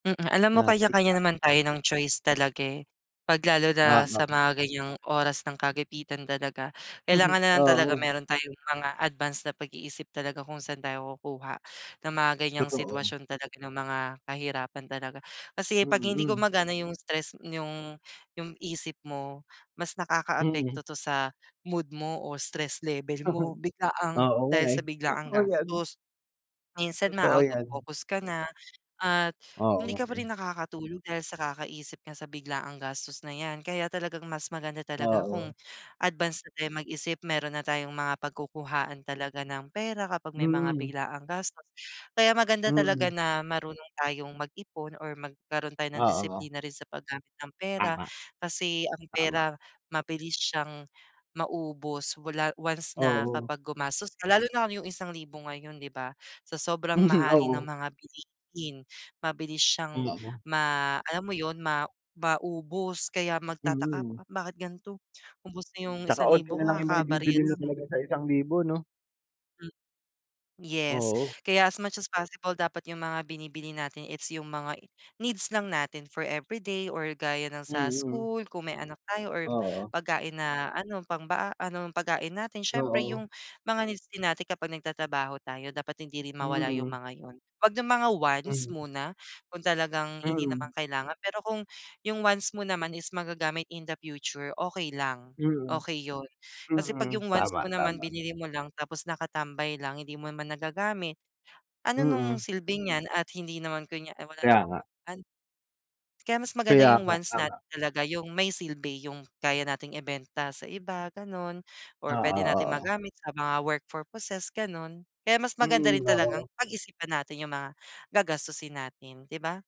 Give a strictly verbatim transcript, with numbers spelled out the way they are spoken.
Mm. Alam mo Yah, tik kanya-kanya tak, naman eh. tayo ng choice talaga, eh. Pag lalo na sa Oo. mga ganyang oras ng kagipitan talaga kailangan na lang talaga Oo. meron tayong mga advance na pag-iisip talaga kung saan tayo kukuha ng mga ganyang Totoo. sitwasyon talaga ng mga kahirapan talaga kasi Mm. 'pag hindi Hmm. gumagana yung stress yung yung isip mo, mas Mm. nakakaapekto 'to sa mood mo o stress level mo biglaang Oo, nga dahil eh. sa biglaang Totoo yan. gastos. Minsan Totoo maa-out of yan. focus ka na at Oo, hindi nga ka pa rin eh. nakakatulog dahil sa kakaisip nga sa biglaang gastos na 'yan kaya talagang mas maganda talaga Oo. kung advance na tayong mag-isip meron na tayong mga pagkukuhaan talaga ng pera kapag may mga Mhm. biglaang gastos. Kaya maganda talaga Mm. na marunong tayong mag-ipon or magkaroon tayo ng Oo. disiplina rin sa paggamit ng pera Tama. kasi ang Tama. pera mabilis siyang maubos. Wala once na Oo. kapag gumastos ka lalo na kung yung isang libo ngayon, di ba, sa sobrang Mhm. mahalin ng Oo. mga bilihin mabilis Hmm, siyang oh. ma alam mo yun, ma maubos kaya magtataka po, Mhm. "Bakit ganto, ubos na 'yong Tsaka isang onti na libo lang kakabarya maibibili mo lang." talaga sa isang libo, no? Hmm. Yes. Oo. Kaya as much as possible dapat yung mga binibili natin is yung mga needs lang natin for everyday or gaya ng sa Mhm. school kung may anak tayo or Oo. pagkain na ano pang ba ano pagkain natin siyempre Oo. yung mga needs din natin kapag nagtatrabaho tayo dapat hindi rin mawala yung Mhm. mga yun. Huwag ng mga wants Hmm. muna, kung talagang hindi naman Mhm. kailangan pero kung yung wants mo naman is magagamit in the future, okay lang, Mhm. okey yun. Kasi 'pag Mm. yung wants Tama, mo naman tama. binili mo lang tapos nakatambay lang, hindi mo naman nagagamit, ano nung Mm. silbi niyan at hindi naman kunya ay wala Kaya namang nga. pag an Kaya mas maganda Kaya yung nga, wants natin tama. talaga, yung may silbi yung kaya nating ibenta sa iba, ganon or Oo pwede nating oo. magamit sa mga work purposes, ganon. Kaya mas maganda Mm. rin talagang Oo. pag-isipan natin yung mga gagastusin natin, di ba?